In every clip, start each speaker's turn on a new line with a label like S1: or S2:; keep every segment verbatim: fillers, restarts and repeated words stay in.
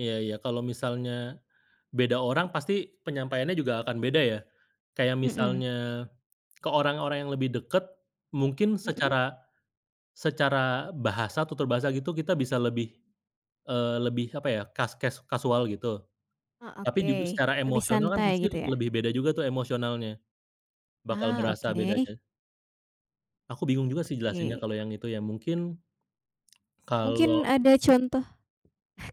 S1: Iya, iya. Kalau misalnya beda orang pasti penyampaiannya juga akan beda ya. Kayak
S2: Mhm.
S1: misalnya, ke orang-orang yang lebih dekat mungkin
S2: Mhm.
S1: secara secara bahasa, tutur bahasa gitu kita bisa lebih eee, lebih apa ya, kas kes kasual gitu.
S2: Oh,
S1: Tapi judu
S2: oke.
S1: secara
S2: Lebih
S1: emosional kan
S2: santai
S1: pasti
S2: gitu ya?
S1: lebih beda juga tuh emosionalnya. Bakal
S2: Ah,
S1: berasa
S2: oke.
S1: bedanya. Aku bingung juga sih jelasinnya
S2: Oke.
S1: kalau yang itu ya, mungkin. Kalau
S2: Mungkin ada contoh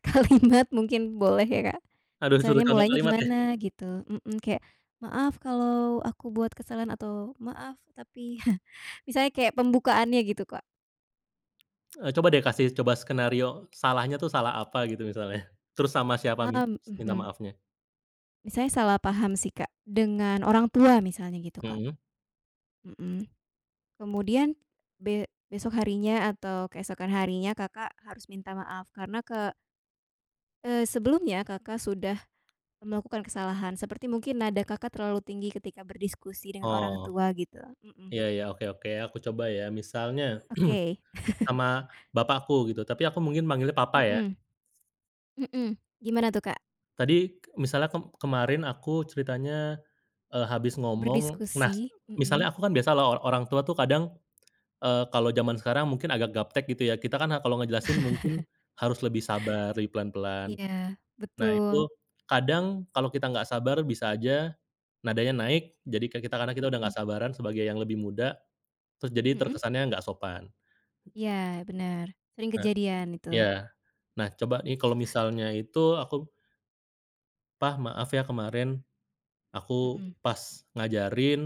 S2: kalimat mungkin boleh ya Kak.
S1: Aduh disuruh
S2: Misalnya,
S1: contoh
S2: mulanya
S1: kalimat yah?
S2: gimana, gitu, mhm, kayak, "Maaf kalau aku buat kesalahan." atau "Maaf tapi" Misalnya kayak pembukaannya gitu, Kak.
S1: E coba deh kasih, coba skenario. Salahnya tuh salah apa gitu misalnya? Terus sama siapa mi
S2: Am
S1: minta
S2: mhm.
S1: maafnya?
S2: Misalnya salah paham sih Kak, dengan orang tua misalnya gitu Kak.
S1: Mhm.
S2: Mhm. Kemudian be besok harinya atau keesokan harinya Kakak harus minta maaf karena ke eee, sebelumnya Kakak sudah melakukan kesalahan. Seperti mungkin nada Kakak terlalu tinggi ketika berdiskusi dengan
S1: Oh.
S2: orang tua gitu, mhm.
S1: Iya iya, oke oke. Aku coba ya, misalnya
S2: Oke.
S1: sama bapakku gitu, tapi aku mungkin manggilnya papa ya.
S2: Mhm. Mhm, gimana tuh Kak?
S1: Tadi k misalnya, kem kemarin aku ceritanya e habis ngomong nas,
S2: Berdiskusi,
S1: misalnya
S2: mhm.
S1: aku kan biasa lah o orang tua tuh kadang, eee, kalau jaman sekarang mungkin agak gaptek gitu ya. Kita kan a kalau ngejelasin mungkin harus lebih sabar, lebih pelan-pelan.
S2: Iya,
S1: Nah itu
S2: betul.
S1: kadang kalau kita enggak sabar bisa saja nadanya naik, jadi kan kita karena kita udah
S2: Mhm.
S1: enggak sabaran sebagai yang lebih muda, terus jadi
S2: Mhm?
S1: terkesannya enggak sopan.
S2: Iya benar. Sering
S1: A
S2: kejadian itu.
S1: iya. Nah coba nih, kalau misalnya itu aku Pa, maaf ya kemarin, aku
S2: Mhm.
S1: pas ngajarin